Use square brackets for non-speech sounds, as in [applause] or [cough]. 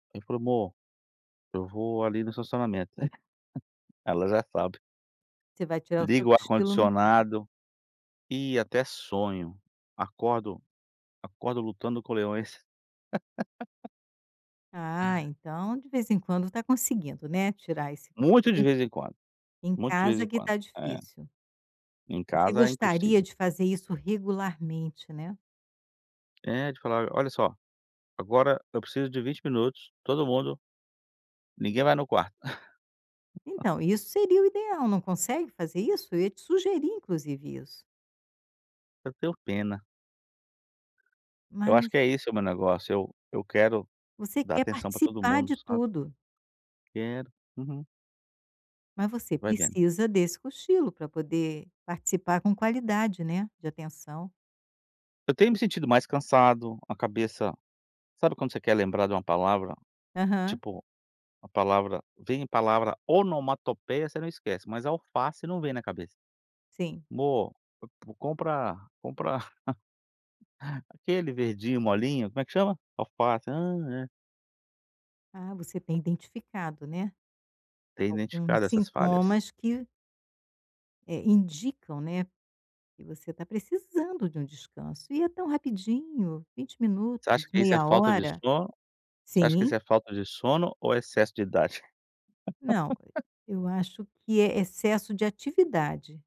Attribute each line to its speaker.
Speaker 1: Informou. Eu vou ali no estacionamento, né. Ela já sabe.
Speaker 2: Você vai tirar o seu
Speaker 1: Ligo o
Speaker 2: cochilo no carro.
Speaker 1: ar-condicionado e até sonho. Acordo acordo lutando com leões. [laughs]
Speaker 2: Ah, então de vez em quando está conseguindo, né, tirar esse
Speaker 1: Muito de
Speaker 2: cochilo.
Speaker 1: vez em quando,
Speaker 2: Em, em
Speaker 1: muitos de vez
Speaker 2: casa
Speaker 1: em
Speaker 2: que
Speaker 1: quando.
Speaker 2: está
Speaker 1: É,
Speaker 2: difícil.
Speaker 1: em
Speaker 2: Você
Speaker 1: casa é
Speaker 2: gostaria
Speaker 1: impossível.
Speaker 2: de fazer isso regularmente, né.
Speaker 1: É de falar: "Olha só, agora eu preciso de 20 minutos, todo mundo, ninguém vai no quarto". [laughs]
Speaker 2: Então isso seria o ideal, não consegue fazer isso? Eu ia te sugerir inclusive isso.
Speaker 1: Eu tenho pena. Eu acho
Speaker 2: Mas
Speaker 1: que é esse o meu negócio. Eu eu quero
Speaker 2: Você
Speaker 1: dar
Speaker 2: quer
Speaker 1: atenção para todo
Speaker 2: participar
Speaker 1: mundo,
Speaker 2: de
Speaker 1: sabe?
Speaker 2: tudo.
Speaker 1: Quero. Uhum.
Speaker 2: Mas você
Speaker 1: Vai vendo.
Speaker 2: precisa desse cochilo para poder participar com qualidade, né, de atenção.
Speaker 1: Eu tenho me sentido mais cansado, a cabeça. Sabe quando você quer lembrar de uma palavra?
Speaker 2: Aham.
Speaker 1: Tipo, a palavra vem palavra onomatopeia você não esquece, mas alface não vem na cabeça.
Speaker 2: Sim.
Speaker 1: "Mô, v vou, compra, compra, [laughs] aquele verdinho molinho, como é que chama? Alface! Hã, é".
Speaker 2: Ah, você tem identificado, né,
Speaker 1: Tem
Speaker 2: alguns
Speaker 1: identificado essas falhas.
Speaker 2: sintomas que É, indicam, né, que você está precisando de um descanso. E é tão rapidinho, 20
Speaker 1: Você acha
Speaker 2: minutos,
Speaker 1: que isso é
Speaker 2: meia
Speaker 1: falta de
Speaker 2: hora?
Speaker 1: sono? Você acha que isso
Speaker 2: Sim!
Speaker 1: é falta de sono, ou excesso de idade?
Speaker 2: Não,
Speaker 1: [laughs]
Speaker 2: e eu acho que é excesso de atividade.